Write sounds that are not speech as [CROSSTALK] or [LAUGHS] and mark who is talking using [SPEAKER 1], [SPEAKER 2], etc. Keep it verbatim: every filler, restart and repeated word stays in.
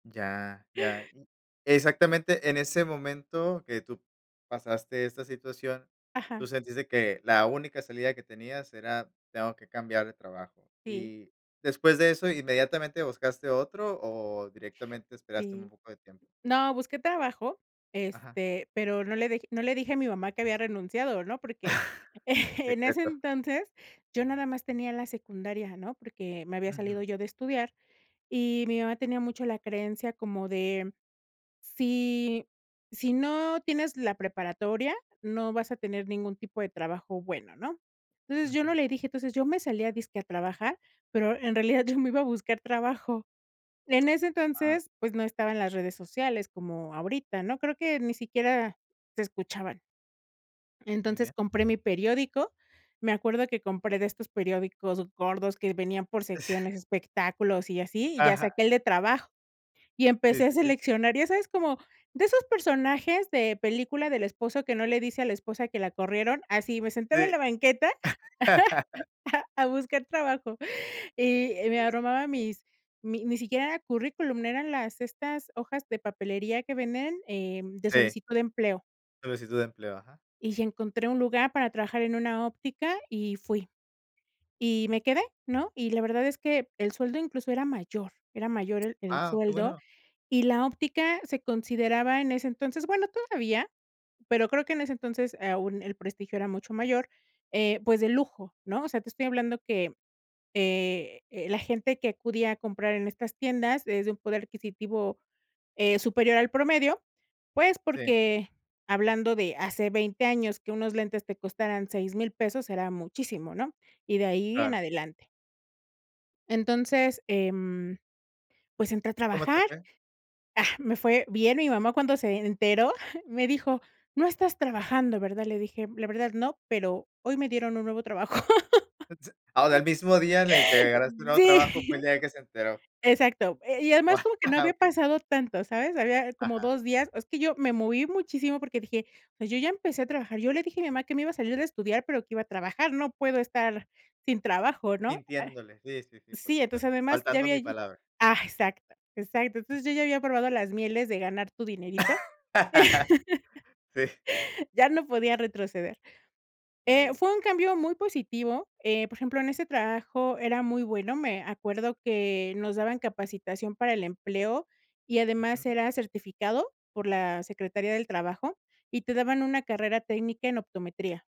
[SPEAKER 1] Ya, ya. Mm. Exactamente, en ese momento que tú pasaste esta situación, tú
[SPEAKER 2] Ajá.
[SPEAKER 1] sentiste que la única salida que tenías era, tengo que cambiar de trabajo.
[SPEAKER 2] Sí.
[SPEAKER 1] Y después de eso, ¿inmediatamente buscaste otro o directamente esperaste un
[SPEAKER 2] Sí.
[SPEAKER 1] poco de tiempo?
[SPEAKER 2] No, busqué trabajo,
[SPEAKER 1] Ajá.
[SPEAKER 2] este, pero no le deje no le dije a mi mamá que había renunciado, ¿no? Porque
[SPEAKER 1] [CHUCKLES]
[SPEAKER 2] [CHUCKLES] en ese
[SPEAKER 1] Secreto.
[SPEAKER 2] entonces, yo nada más tenía la secundaria, ¿no? Porque me había
[SPEAKER 1] Ujú.
[SPEAKER 2] salido yo de estudiar, y mi mamá tenía mucho la creencia como de "si si no tienes la preparatoria, no vas a tener ningún tipo de trabajo bueno", ¿no? Entonces, yo no
[SPEAKER 1] Ujú.
[SPEAKER 2] le dije, entonces, yo me salía dizque a trabajar, pero en realidad yo me iba a buscar trabajo. En ese
[SPEAKER 1] Ah.
[SPEAKER 2] entonces, pues, no estaban las redes sociales como ahorita, ¿no? Creo que ni siquiera se escuchaban.
[SPEAKER 1] Muy
[SPEAKER 2] Entonces,
[SPEAKER 1] bien.
[SPEAKER 2] compré mi periódico, me acuerdo que compré de estos periódicos gordos que venían por
[SPEAKER 1] [CHUCKLES]
[SPEAKER 2] secciones, espectáculos y así, y ya
[SPEAKER 1] Ajá.
[SPEAKER 2] saqué el de trabajo. Y
[SPEAKER 1] Sí,
[SPEAKER 2] empecé a
[SPEAKER 1] sí, sí.
[SPEAKER 2] seleccionar, ya sabes, como de esos personajes de película del esposo que no le dice a la esposa que la corrieron, así me sentaba en
[SPEAKER 1] Sí.
[SPEAKER 2] la banqueta
[SPEAKER 1] [LAUGHS]
[SPEAKER 2] [LAUGHS] a buscar trabajo. Y me
[SPEAKER 1] Ya.
[SPEAKER 2] armaba mis mi ni siquiera era currículum, eran las estas hojas de papelería que venden, eh, de
[SPEAKER 1] Sí.
[SPEAKER 2] solicitud de empleo.
[SPEAKER 1] Solicitud de empleo, ajá.
[SPEAKER 2] Y encontré un lugar para trabajar en una óptica y fui. Y me quedé, ¿no? Y la verdad es que el sueldo incluso era mayor, era mayor el el
[SPEAKER 1] Ah, qué
[SPEAKER 2] sueldo
[SPEAKER 1] bueno.
[SPEAKER 2] y la óptica se consideraba en ese, entonces, bueno, todavía, pero creo que en ese, entonces, aún el prestigio era mucho mayor, eh, pues, de lujo, ¿no? O sea, te estoy hablando que, eh eh, la gente que acudía a comprar en estas tiendas es de un poder adquisitivo, eh, superior al promedio, pues,
[SPEAKER 1] Sí.
[SPEAKER 2] porque hablando de hace veinte años que unos lentes te costaran seis mil pesos era muchísimo, ¿no? Y de ahí en
[SPEAKER 1] Claro.
[SPEAKER 2] adelante. Entonces, em, pues, entré a
[SPEAKER 1] ¿Cómo te
[SPEAKER 2] trabajar.
[SPEAKER 1] fue?
[SPEAKER 2] Ah, me fue bien y mi mamá cuando se enteró, [CHUCKLES] me dijo: "¿No estás trabajando, verdad?" Le dije: "La verdad, no, pero hoy me dieron un nuevo trabajo".
[SPEAKER 1] Ah, en el mismo día en el que
[SPEAKER 2] [LAUGHS]
[SPEAKER 1] agarraste un nuevo trabajo fue
[SPEAKER 2] Sí.
[SPEAKER 1] el día que se enteró.
[SPEAKER 2] Exacto. Eh, y además
[SPEAKER 1] Guau,
[SPEAKER 2] como que no había
[SPEAKER 1] okey.
[SPEAKER 2] pasado tanto, ¿sabes? Había como
[SPEAKER 1] Ajá.
[SPEAKER 2] dos días, es que yo me moví muchísimo porque dije: "O sea, yo ya empecé a trabajar. Yo le dije a mi mamá que me iba a salir de estudiar, pero que iba a trabajar, no puedo estar sin trabajo", ¿no?
[SPEAKER 1] Mintiéndole, sí, sí, sí,
[SPEAKER 2] Ah,
[SPEAKER 1] por
[SPEAKER 2] sí, entonces,
[SPEAKER 1] supuesto,
[SPEAKER 2] además, ya
[SPEAKER 1] faltando
[SPEAKER 2] había
[SPEAKER 1] mi
[SPEAKER 2] yo
[SPEAKER 1] palabra.
[SPEAKER 2] Ah, exacto, exacto. Entonces, yo ya había probado las mieles de ganar tu dinerito.
[SPEAKER 1] [LAUGHS] Sí.
[SPEAKER 2] [LAUGHS] Ya no podía retroceder.
[SPEAKER 1] Muy
[SPEAKER 2] Eh,
[SPEAKER 1] bien.
[SPEAKER 2] fue un cambio muy positivo. Eh, por ejemplo, en ese trabajo era muy bueno, me acuerdo que nos daban capacitación para el empleo y además
[SPEAKER 1] Ujú.
[SPEAKER 2] era certificado por la Secretaría del Trabajo y te daban una carrera técnica en optometría.